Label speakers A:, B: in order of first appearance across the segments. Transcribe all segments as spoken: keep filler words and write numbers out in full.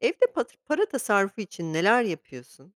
A: Evde patır para tasarrufu için neler yapıyorsun?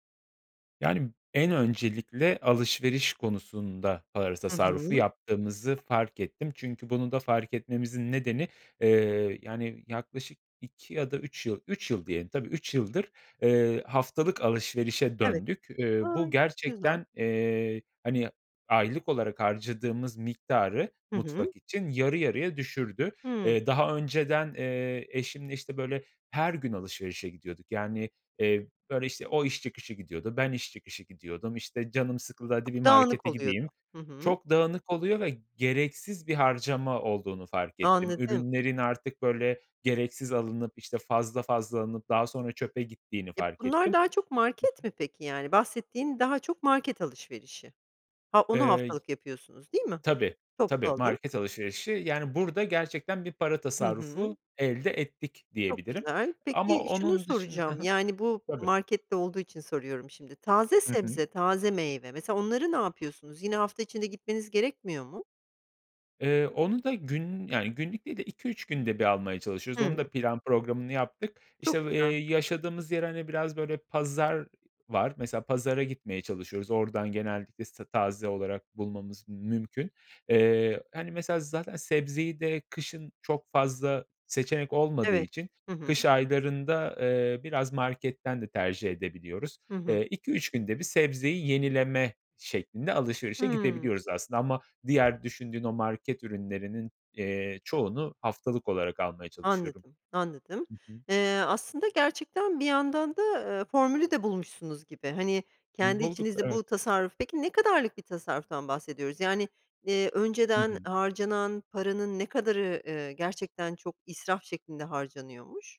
B: Yani, en öncelikle alışveriş konusunda para
A: Hı
B: tasarrufu
A: hı.
B: yaptığımızı fark ettim. Çünkü bunu da fark etmemizin nedeni, eee, yani, yaklaşık iki ya da üç yıl, üç yıl diyelim, tabii üç yıldır, eee, haftalık alışverişe
A: Evet.
B: döndük. Uuu,
A: A,
B: bu
A: güzel.
B: gerçekten, eee, hani, aylık olarak harcadığımız miktarı
A: Hı hı.
B: mutfak için yarı yarıya düşürdü.
A: Hıı.
B: Eee, daha önceden, eee, eşimle, işte böyle, her gün alışverişe gidiyorduk. Yani, eee, böyle işte, o iş çıkışı gidiyordu, ben iş çıkışı gidiyordum, işte canım sıkıldı, hadi bir
A: Çok dağınık
B: markete
A: oluyordu.
B: gideyim.
A: Hı hı.
B: Çok dağınık oluyor ve gereksiz bir harcama olduğunu fark ettim.
A: Anladım.
B: Ürünlerin artık böyle gereksiz alınıp, işte, fazla fazla alınıp daha sonra çöpe gittiğini
A: E,
B: fark
A: bunlar
B: ettim.
A: daha çok
B: Hı
A: market
B: hı.
A: mi peki yani bahsettiğin, daha çok market alışverişi? Ha, onu
B: Eee
A: haftalık yapıyorsunuz, değil mi?
B: Tabii
A: Toplu
B: tabii,
A: alım.
B: market alışverişi, yani, burada gerçekten bir para
A: Hı hı.
B: tasarrufu elde ettik,
A: Çok
B: diyebilirim.
A: güzel.
B: Ama
A: Peki, şunu
B: onun dışın Hı hı.
A: soracağım, yani, bu
B: Tabii.
A: markette olduğu için soruyorum şimdi. Taze
B: Hı hı.
A: sebze, taze meyve, mesela, onları ne yapıyorsunuz? Yine hafta içinde gitmeniz gerekmiyor mu?
B: Eee, onu da gün yani, günlük değil de iki üç günde bir almaya çalışıyoruz. Onun
A: Hıı.
B: da plan programını yaptık.
A: Çok
B: İşte v eee,
A: güzel.
B: yaşadığımız yer hani, biraz böyle pazar var. Mesela pazara gitmeye çalışıyoruz. Oradan genellikle işte taze olarak bulmamız mümkün. Eee, hani, mesela, zaten sebzeyi de kışın çok fazla seçenek olmadığı
A: Evet,
B: için
A: hı hı.
B: kış aylarında, eee, biraz marketten de tercih edebiliyoruz.
A: Hı hı.
B: Eee, iki üç günde bir sebzeyi yenileme şeklinde alışverişe
A: Hıı.
B: gidebiliyoruz aslında ama diğer düşündüğün o market ürünlerinin, iii, çoğunu haftalık olarak almaya çalışıyorum.
A: Anladım, anladım.
B: Hı hı.
A: Eee, aslında gerçekten bir yandan da, eee, formülü de bulmuşsunuz gibi. Hani, kendi
B: Bulduk,
A: içinizde
B: evet.
A: bu tasarruf Peki ne kadarlık bir tasarruftan bahsediyoruz? Yani, eee,
B: Hı
A: önceden
B: hı.
A: harcanan paranın ne kadarı, ııı, gerçekten çok israf şeklinde harcanıyormuş?